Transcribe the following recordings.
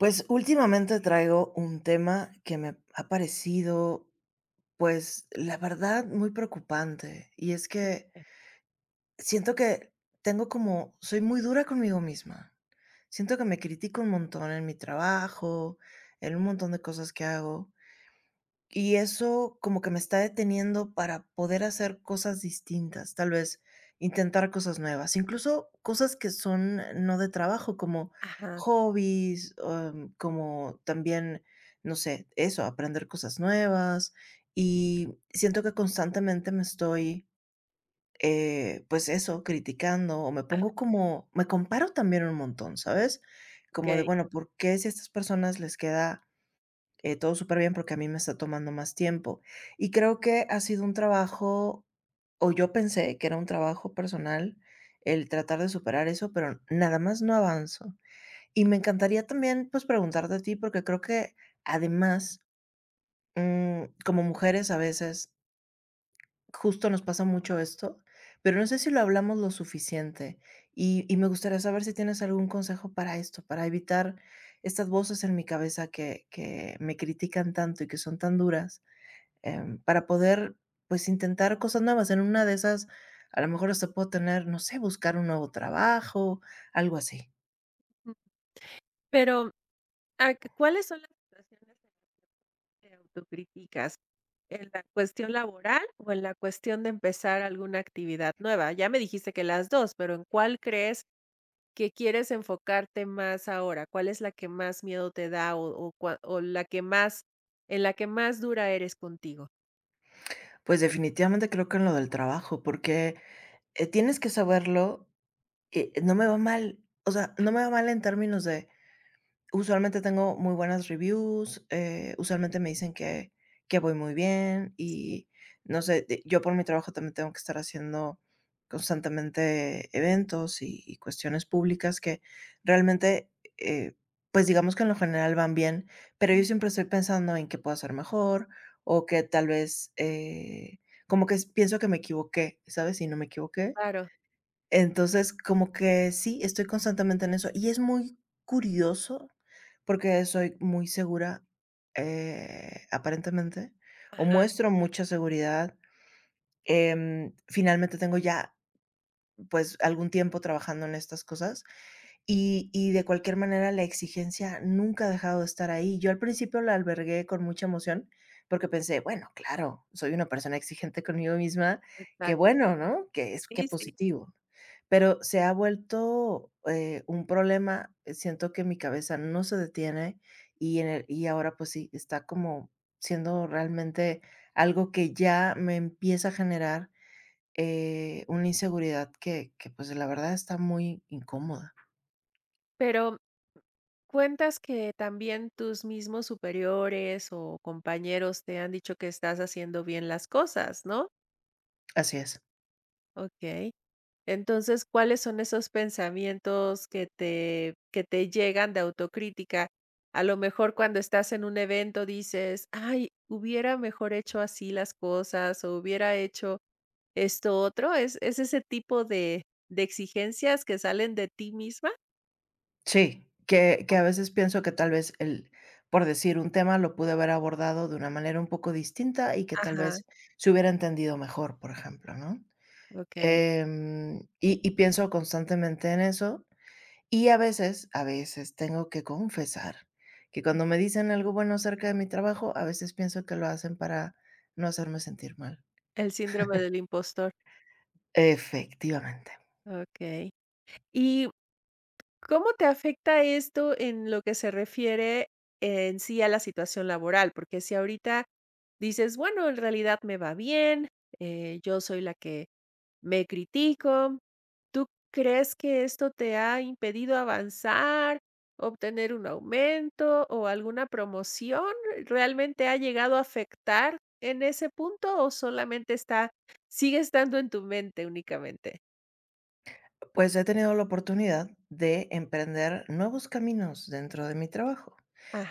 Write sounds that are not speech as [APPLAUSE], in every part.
Pues, últimamente traigo un tema que me ha parecido, pues, la verdad, muy preocupante, y es que siento que tengo como soy muy dura conmigo misma. Siento que me critico un montón en mi trabajo, en un montón de cosas que hago. Y eso como que me está deteniendo para poder hacer cosas distintas, tal vez, intentar cosas nuevas. Incluso cosas que son n no de trabajo, como Ajá. hobbies, am, como también, no sé, eso, aprender cosas nuevas. Y siento que constantemente me estoy, eh, pues, eso, criticando, o me Ah. pongo como me comparo también un montón, ¿sabes?, como de, Okey. bueno, ¿por qué, si a estas personas les queda, eh, todo superbién, por qué a mí me está tomando más tiempo? Y creo que ha sido un trabajo o yo pensé que era un trabajo personal, el tratar de superar eso, pero nada más no avanzo. Y me encantaría también, pues, preguntarte a ti, porque creo que además, mm, como mujeres, a veces justo nos pasa mucho esto, pero no sé si lo hablamos lo suficiente, y y me gustaría saber si tienes algún consejo para esto, para evitar estas voces en mi cabeza que que me critican tanto y que son tan duras, em, para poder, pues, intentar cosas nuevas. En una de esas, a lo mejor, hasta puedo tener, no sé, buscar un nuevo trabajo, algo así. Pero, mm, ah, ¿cuales son las situaciones en [UNINTELLIGIBLE] te auto críticas? ¿En la cuestión laboral o en la cuestión de empezar alguna actividad nueva? Ya me dijiste que las dos. Pero, ¿en cuál crees que quieres enfocarte más ahora? ¿Cuál es la que más miedo te da o o o cua o la que más en la que más dura eres contigo? Pues definitivamente creo que en lo del trabajo, porque, eh, tienes que saberlo, eh, no me va mal. O sea, no me va mal en términos de, usualmente tengo muy buenas reviews, eh, usualmente me dicen que que voy muy bien Sí. y no sé, eh, yo por mi trabajo también tengo que estar haciendo, constantemente eventos y cuestiones públicas que realmente, eh, pues digamos que en lo general van bien, pero yo siempre estoy pensando en que pueda ser mejor o que tal vez, eh, como que pienso que me equivoqué, ¿sabes?, y no me equivoqué. Claro. Entonces como que sí, estoy constantemente en eso y es muy curioso porque soy muy segura, eh, aparentemente o Ajá. muestro mucha seguridad, em, finalmente tengo ya, pues algún tiempo trabajando en estas cosas y y de cualquier manera, la exigencia nunca ha dejado de estar ahí. Yo al principio la albergué con mucha emoción porque pensé: "Bueno, claro, soy una persona exigente conmigo misma. Qué Exacto. bueno, ¿no? Que es que Sí, sí. positivo", pero se ha vuelto, eh, un problema. Siento que mi cabeza no se detiene y en el y ahora pues sí, está como siendo realmente algo que ya me empieza a generar, eh, una inseguridad que que pues la verdad está muy incómoda. Pero, cuentas que también tus mismos superiores o compañeros te han dicho que estás haciendo bien las cosas, ¿no? Así es. Okey. Entonces, ¿cuáles son esos pensamientos que te que te llegan de autocrítica? A lo mejor cuando estás en un evento dices: "Ay, hubiera mejor hecho así las cosas o hubiera hecho esto otro", ¿es es ese tipo de de exigencias que salen de ti misma? Sí, que que a Okey. veces pienso que tal vez el por decir un tema lo pude haber abordado de una manera un poco distinta y que tal Ajá. vez se hubiera entendido mejor, por ejemplo, ¿no?, Okey. em, y y pienso constantemente en eso. Y a veces, a veces tengo que confesar que cuando me dicen algo bueno acerca de mi trabajo, a veces pienso que lo hacen para no hacerme sentir mal. El síndrome [CHUCKLES] del impostor. Efectivamente. Okey. Y ¿cómo te afecta esto en lo que se refiere en sí a la situación laboral? Porque si ahorita dices bueno, en realidad me va bien, eh, yo soy la que me critico. ¿Tú crees que esto te ha impedido avanzar, obtener un aumento o alguna promoción? ¿Realmente ha llegado a afectar en ese punto o solamente está sigue estando en tu mente únicamente? Pues, he tenido la oportunidad de emprender nuevos caminos dentro de mi trabajo.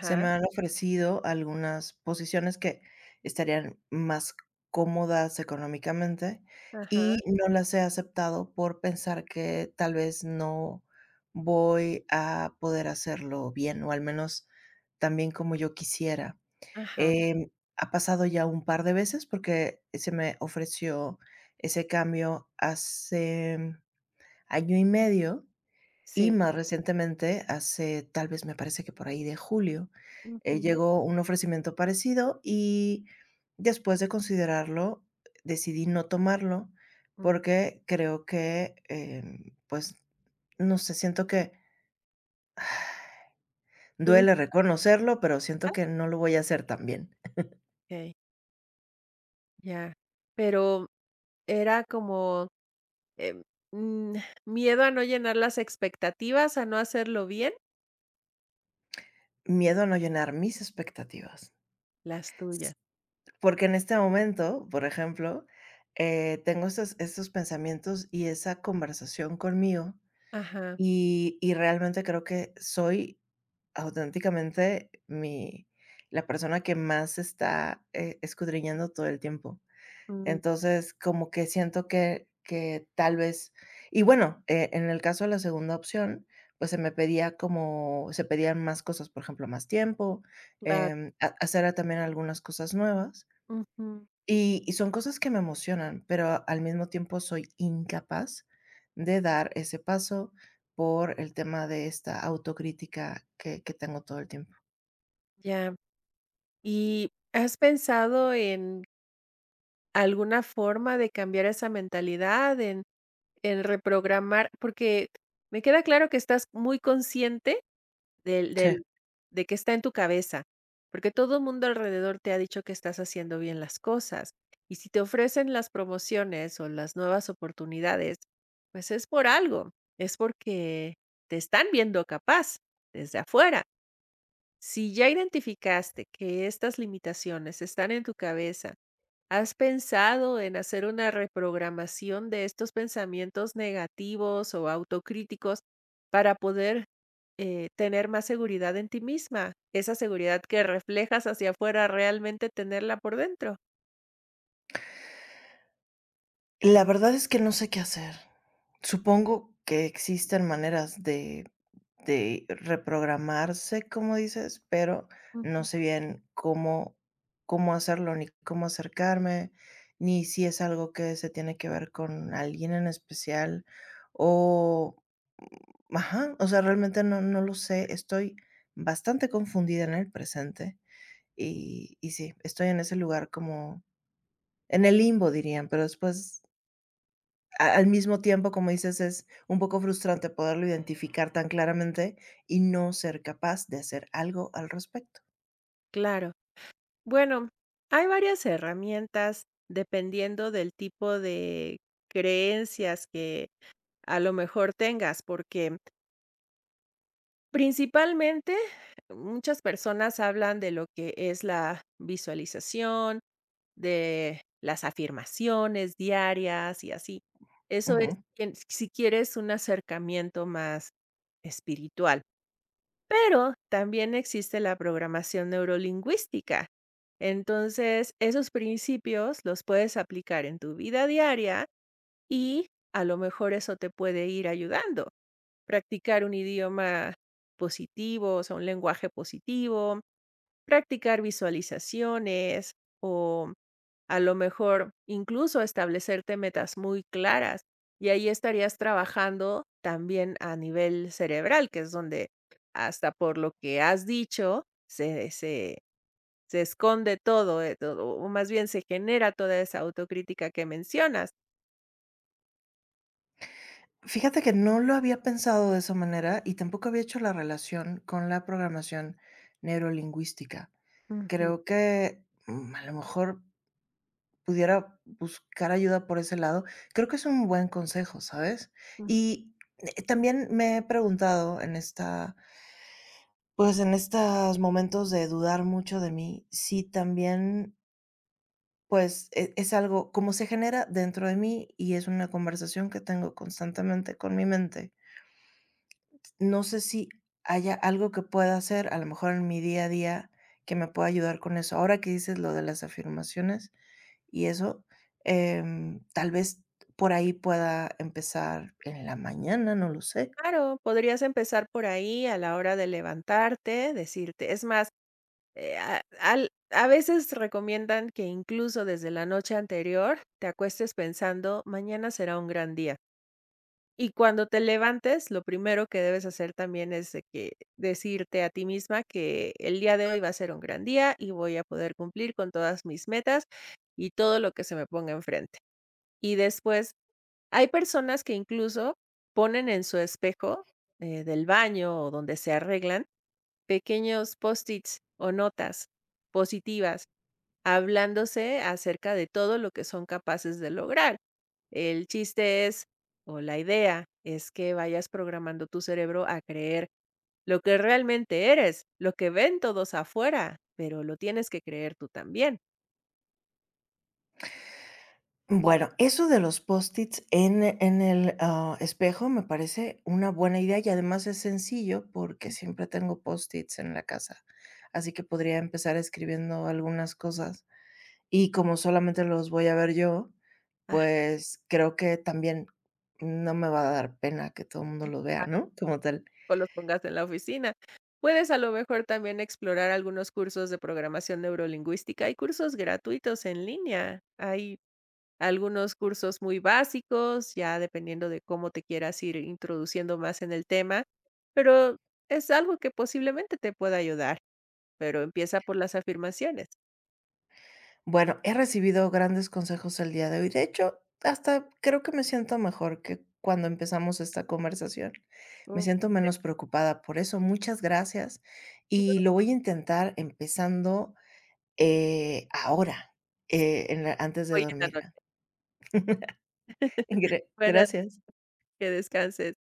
Se me han ofrecido algunas posiciones que estarían más cómodas económicamente, Ajá. y no las he aceptado por pensar que tal vez no voy a poder hacerlo bien, o, al menos, tan bien como yo quisiera. Ajá. Em, ha pasado ya, un par de veces porque se me ofreció ese cambio hace, mm, año y medio, y Sí. más recientemente hace, tal vez, me parece que, por ahí de julio, eh, Ujú. llegó un ofrecimiento parecido, y, después de considerarlo, decidí no tomarlo Ujú. porque creo que, em, pues, no sé, siento que, [SIGHS] duele Tuviste. reconocerlo, pero siento ¿Eh? que no lo voy a hacer tan bien. [CHUCKLES] Okey. Ya, pero, ¿era como, eh, mm, miedo a no llenar las expectativas, a no hacerlo bien? Miedo a no llenar mis expectativas. Las tuyas. Porque, en este momento, por ejemplo, eh, tengo esos esos pensamientos y esa conversación conmigo, Ajá. y y realmente, creo que soy, auténticamente, mi la persona que más está, eh, escudriñando todo el tiempo. Mm. Entonces, como que siento que que, tal vez Y bueno, eh, en el caso de la segunda opción, pues, se me pedía como se pedían más cosas, por ejemplo, más tiempo, Claro. em, ha hacer, ah, también algunas cosas nuevas. Ujú. Y y son cosas que me emocionan, pero al mismo tiempo, soy incapaz de dar ese paso, por el tema de esta autocrítica que que tengo todo el tiempo. Ya. Y, ¿has pensado en alguna forma de cambiar esa mentalidad, en en reprogramar? Porque me queda claro que estás muy consciente del Sí. del de que está en tu cabeza, porque todo mundo alrededor, te ha dicho que estás haciendo bien las cosas, y si te ofrecen las promociones, o las nuevas oportunidades, pues, es por algo, es porque te están viendo capaz, desde afuera. Si ya identificaste que estas limitaciones están en tu cabeza, ¿has pensado en hacer una reprogramación de estos pensamientos negativos o autocríticos para poder, eh, tener más seguridad en ti misma, esa seguridad que reflejas hacia fuera, realmente tenerla por dentro? La verdad es que no sé qué hacer. Supongo que existen maneras de de reprogramarse, como dices, pero no Ujú. sé bien cómo cómo hacerlo, ni cómo acercarme, ni si es algo que se tiene que ver con alguien en especial o, mm, ajá. O sea, realmente no, no lo sé. Estoy bastante confundida en el presente y y sí, estoy en ese lugar como, "en el limbo", dirían, pero después a al mismo tiempo, como dices es, un poco frustrante poderlo identificar tan claramente y no ser capaz de hacer algo al respecto. Claro. Bueno, hay varias herramientas dependiendo del tipo de creencias que a lo mejor tengas porque principalmente, muchas personas hablan de lo que es la visualización de las afirmaciones diarias, y así. Eso es Ujú. que, mm, si quieres un acercamiento más espiritual. Pero, también existe la programación neurolingüística. Entonces, esos principios los puedes aplicar en tu vida diaria y a lo mejor eso te puede ir ayudando. Practicar un idioma positivo, o sea, un lenguaje positivo, practicar visualizaciones, o a lo mejor, incluso establecerte metas muy claras. Y ahí estarías trabajando también a nivel cerebral, que es donde hasta por lo que has dicho, se se se esconde todo, eh, o o más bien se genera toda esa autocrítica que mencionas. Fíjate que no lo había pensado de esa manera y tampoco había hecho la relación con la programación neurolingüística. Ujú. Creo que, mm, a lo mejor, pudiera buscar ayuda por ese lado. Creo que es un buen consejo, ¿sabes? Mm. Y, eh, también me he preguntado en esta pues, en estos momentos de dudar mucho de mí, si también pues, e es algo Como se genera dentro de mí, y es una conversación que tengo constantemente con mi mente no sé si haya algo que pueda hacer, a lo mejor, en mi día a día, que me pueda ayudar con eso. Ahora que dices lo de las afirmaciones y eso, em, tal vez, por ahí pueda empezar, en la mañana, no lo sé. Claro. Podrías empezar por ahí, a la hora de levantarte, decirte Es más, eh, ah, al a veces, recomiendan que, incluso, desde la noche anterior, te acuestes pensando: "Mañana será un gran día", y cuando te levantes, lo primero que debes hacer, también, es de que, decirte a ti misma que: "El día de hoy va a ser un gran día y voy a poder cumplir con todas mis metas, y todo lo que se me ponga enfrente", y después hay personas que, incluso, ponen en su espejo, eh, del baño o donde se arreglan, pequeños post-its o notas, positivas, hablándose acerca de todo lo que son capaces de lograr. El chiste es o la idea es que vayas programando tu cerebro a creer lo que realmente eres, lo que ven todos afuera. Pero lo tienes que creer tú también. Mm, bueno, eso de los post-its en en el, ah, espejo, me parece una buena idea y además es sencillo porque siempre tengo post-its en la casa, así que podría empezar escribiendo algunas cosas, y como solamente los voy a ver yo, pues, creo que también, no me va a dar pena que todo mundo lo vea, [UNINTELLIGIBLE] ¿no?, como tal. O los pongas en la oficina. Puedes, a lo mejor, también, explorar algunos cursos de programación neurolingüística, hay cursos gratuitos en línea, hay algunos cursos muy básicos, ya dependiendo de cómo te quieras ir introduciendo más en el tema, pero es algo que posiblemente te pueda ayudar, pero empieza por las afirmaciones. Bueno, he recibido grandes consejos el día de hoy, de hecho, hasta creo que me siento mejor que cuando empezamos esta conversación, me siento [UNINTELLIGIBLE] menos preocupada por eso, muchas gracias y [UNINTELLIGIBLE] lo voy a intentar empezando, eh, ahora, eh, en la antes de Hoy, en la dormir la noche. [CHUCKLES] [CHUCKLES] Gra Bueno. gracias. Que descanses.